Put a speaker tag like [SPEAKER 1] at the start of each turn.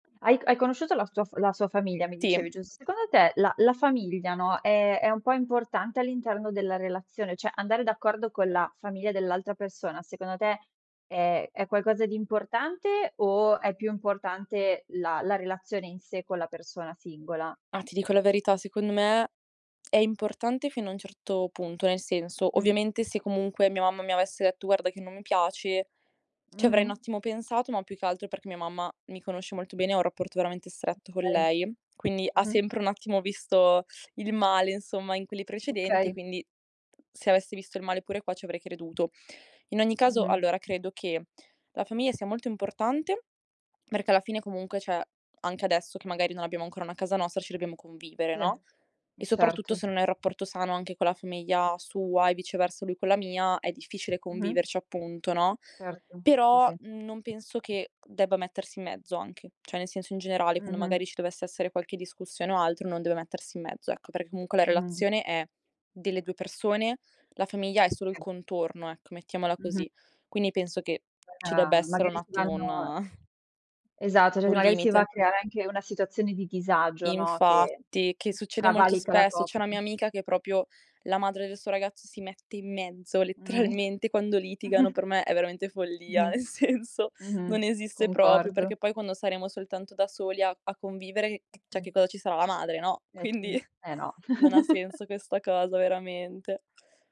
[SPEAKER 1] Hai c hai conosciuto la sua f la sua famiglia mi
[SPEAKER 2] Sì.
[SPEAKER 1] dicevi, giust secondo te la la famiglia, no, è è un po' importante all'interno della relazione? Cioè andare d'accordo con la famiglia dell'altra persona secondo te è è qualcosa di importante o è più importante la la relazione in sé con la persona singola?
[SPEAKER 2] Ma ti dico la verità, secondo me è importante fino a un certo punto. Nel senso,
[SPEAKER 1] Mh.
[SPEAKER 2] ovviamente, se comunque mia mamma mi avesse detto: "Guarda che non mi piace", ci avrei un
[SPEAKER 1] Mh-mh.
[SPEAKER 2] attimo pensato, ma più che altro perché mia mamma mi conosce molto bene, ho un rapporto veramente stretto con
[SPEAKER 1] Okay.
[SPEAKER 2] lei, quindi
[SPEAKER 1] Mh-mh.
[SPEAKER 2] sempre un attimo visto il male insomma in quelli precedenti,
[SPEAKER 1] Okay.
[SPEAKER 2] quindi se avessi visto il male pure qua ci avrei creduto. In ogni caso
[SPEAKER 1] Mh-mh.
[SPEAKER 2] allora credo che la famiglia sia molto importante perché alla fine comunque cioè, anche adesso che magari non abbiamo ancora una casa nostra ci dobbiamo convivere,
[SPEAKER 1] Sì.
[SPEAKER 2] no,
[SPEAKER 1] Eh
[SPEAKER 2] e soprattutto
[SPEAKER 1] certo.
[SPEAKER 2] se non hai rapporto sano anche con la famiglia sua e viceversa lui con la mia è difficile
[SPEAKER 1] Mh-mh.
[SPEAKER 2] conviverci appunto, no,
[SPEAKER 1] Certo. Sì, sì.
[SPEAKER 2] però, mhmm, non penso che debba mettersi in mezzo anche. Cioè nel senso in generale quando
[SPEAKER 1] Mh-mh.
[SPEAKER 2] magari ci dovesse essere qualche discussione o altro non deve mettersi in mezzo, ecco, perché comunque la
[SPEAKER 1] Mh-mh.
[SPEAKER 2] relazione è delle 2 persone, la famiglia è solo il
[SPEAKER 1] Sì.
[SPEAKER 2] contorno, ecco mettiamola
[SPEAKER 1] Mh-mh.
[SPEAKER 2] così. Quindi penso che ci debba
[SPEAKER 1] Ma
[SPEAKER 2] essere un
[SPEAKER 1] magari si
[SPEAKER 2] attimo
[SPEAKER 1] vanno
[SPEAKER 2] un
[SPEAKER 1] Esatto, cioè
[SPEAKER 2] un
[SPEAKER 1] magari si va
[SPEAKER 2] limite.
[SPEAKER 1] a creare anche una situazione di disagio, no, che
[SPEAKER 2] Infatti, che succede molto
[SPEAKER 1] cavalca la
[SPEAKER 2] spesso.
[SPEAKER 1] copp
[SPEAKER 2] C'è una mia amica che proprio la madre del suo ragazzo si mette in mezzo
[SPEAKER 1] Mh.
[SPEAKER 2] letteralmente quando litigano. Per me è veramente follia,
[SPEAKER 1] Mh-mh.
[SPEAKER 2] nel senso
[SPEAKER 1] Mh-mh.
[SPEAKER 2] non esiste proprio,
[SPEAKER 1] Concordo.
[SPEAKER 2] perché poi quando saremo soltanto da soli a a convivere, c cioè che
[SPEAKER 1] [unintelligible]
[SPEAKER 2] cosa ci sarà la madre, no,
[SPEAKER 1] Eh
[SPEAKER 2] quindi
[SPEAKER 1] sì. Eh no.
[SPEAKER 2] non ha senso questa cosa veramente.